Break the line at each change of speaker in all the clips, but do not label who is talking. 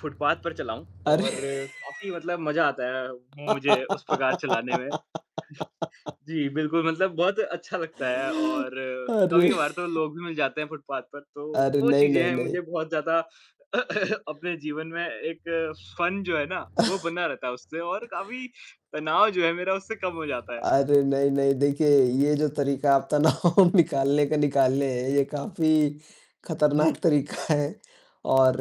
Footpath पर चलाऊँ
अरे!
और काफ़ी मतलब मज़ा आता है अ, मुझे उस प्रकार चलाने में। जी, बिल्कुल मतलब बहुत अच्छा लगता है और
अरे!
कभी-कभार तो लोग भी मिल जाते हैं फुटपाथ पर, तो
अरे,
वो
नहीं,
चीज़ें
नहीं,
हैं
नहीं।
मुझे बहुत ज़्यादा अपने जीवन में एक फ़न जो है ना, वो बना रहता है उससे और काफ़ी तनाव जो है, मेरा उससे कम हो जाता है।
अरे, नहीं, नहीं, देखिए ये जो तरीक़ा आप तनाव निकालने का निकाले हैं, ये काफ़ी ख़तरनाक
जी।
तरीक़ा है और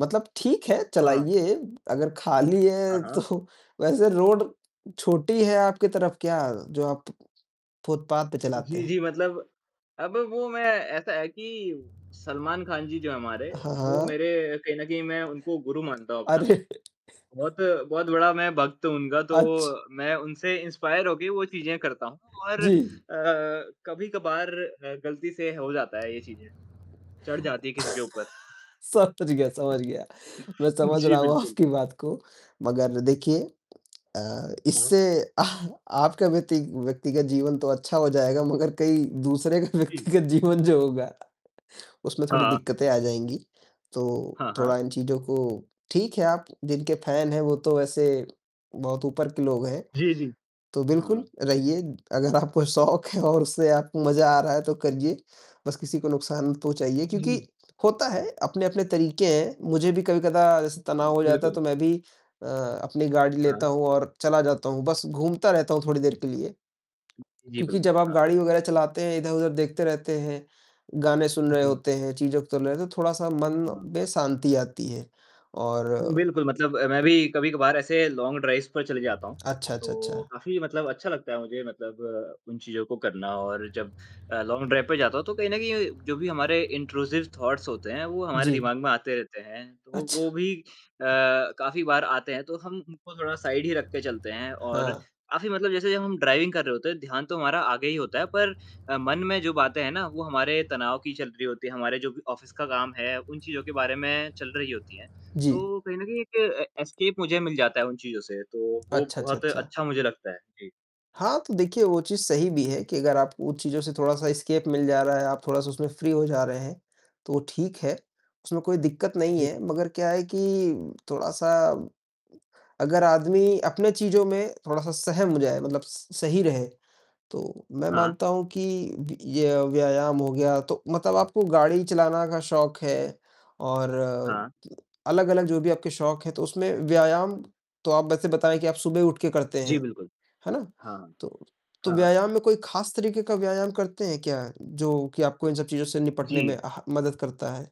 मतलब ठीक है
हाँ।
चलाइए अगर ख़ाली
हाँ,
है
हाँ।
तो वैसे रोड छोटी है आपकी तरफ़ क्या जो आप फुटपाथ पे चलाते
जी,
हैं।
जी मतलब अब वो मैं ऐसा है कि सलमान ख़ान जी जो हैं हमारे,
हाँ,
वो
हाँ।
मेरे कहीं न कहीं मैं उनको गुरु मानता हूँ अपना।
अरे!
बहुत, बहुत बड़ा मैं भक्त हूँ उनका तो
अच्छ
मैं उनसे इंस्पायर होके वो चीज़ें करता हूँ और अ,
जी।
कभी-कभार अ, ग़लती से हो जाता है ये चीज़ें, चढ़ जाती है किसी के ऊपर।
समझ गया, समझ गया मैं समझ
जी,
रहा हूँ
बिल्कुल।
आपकी बात को। मगर देखिए अ,
हाँ।
इससे आ आपका व्यती व्यक्तिगत जीवन तो अच्छा हो जाएगा मगर कई दूसरे का
जी।
व्यक्तिगत जीवन जो होगा उसमें थोड़ी
हाँ।
दिक़्क़तें आ जाएँगी। तो
हाँ, हाँ।
थोड़ा इन चीज़ों को ठीक है, आप जिनके फैन हैं वो तो वैसे बहुत ऊपर के लोग हैं,
जी, जी।
तो बिल्कुल
हाँ।
रहिए। अगर आपको शौक है और उससे आपको मज़ा आ रहा है तो करिए। बस किसी को नुकसान मत पहुँचाइए क्योंकि
जी।
होता है अपने-अपने तरीक़े हैं। मुझे भी कभी-कदा जैसे तनाव हो जाता है,
बिल्कुल।
तो मैं भी अ, अपनी गाड़ी
हाँ।
लेता हूँ और चला जाता हूँ। बस घूमता रहता हूँ थोड़ी देर के लिए।
जी,
क्योंकि
बिल्कुल,
जब आप
हाँ।
गाड़ी वग़ैरह चलाते हैं, इधर-उधर देखते रहते हैं, गाने सुन रहे
जी।
होते हैं, चीज़ों को तो थोड़ा-सा मन
हाँ।
में शांति आती है और
बिल्कुल मतलब अ, मैं भी कभी-कभार ऐसे लॉन्ग ड्राइव्स पर चले जाता हूँ,
अच्छा, अच्छा,
तो
अच्छा।
काफ़ी मतलब अच्छा लगता है मुझे मतलब उन चीज़ों को करना और जब अ, लॉन्ग ड्राइव पे जाता हूँ तो कहीं न कहीं जो भी हमारे इंट्रूसिव थॉट्स होते हैं वो हमारे
जी।
दिमाग में आते रहते हैं। तो वो
अच्छ
भी अ, काफ़ी बार आते हैं तो हम उनको थोड़ा साइड ही रख के चलते हैं और
हाँ।
काफ़ी मतलब जैसे जब हम ड्राइविंग कर रहे होते हैं ध्यान तो हमारा आगे ही होता है पर अ, मन में जो बातें हैं ना वो हमारे तनाव की चल रही होती हैं, हमारे जो भी ऑफ़िस का काम है, उन चीज़ों के बारे में चल रही होती हैं,
जी।
तो कहीं न कहीं एक ए एस्केप मुझे मिल जाता है उन चीज़ों से तो वो
अच्छा, अच्छा,
बहुत
अच्छा।
अच्छा मुझे लगता है। जी।
हाँ, तो देखिए वो चीज़ सही भी है कि अगर आप उन चीज़ों से थोड़ा-सा एस्केप मिल जा रहा है, आप थोड़ा-सा उसमें फ़्री हो जा रहे हैं, तो ठीक है। उसमें कोई दिक़्क़त नहीं
जी।
है, मगर क्या है कि थोड़ा-सा अगर आदमी अपने चीज़ों में थोड़ा-सा सहम जाए मतलब स सही रहे तो मैं
हाँ।
मानता हूँ कि य ये व्यायाम हो गया तो मतलब आपको गाड़ी चलाना का शौक है और
हाँ।
अलग-अलग जो भी आपके शौक हैं, तो उसमें व्यायाम तो आप वैसे बताएँ कि आप सुबह उठकर करते
जी,
हैं।
बिल्कुल।
है ना?
हाँ,
तो तो
हाँ।
व्यायाम में कोई ख़ास तरीक़े का व्यायाम करते हैं क्या? जो कि आपको इन सब चीज़ों से निपटने में
जी।
आह मदद करता है।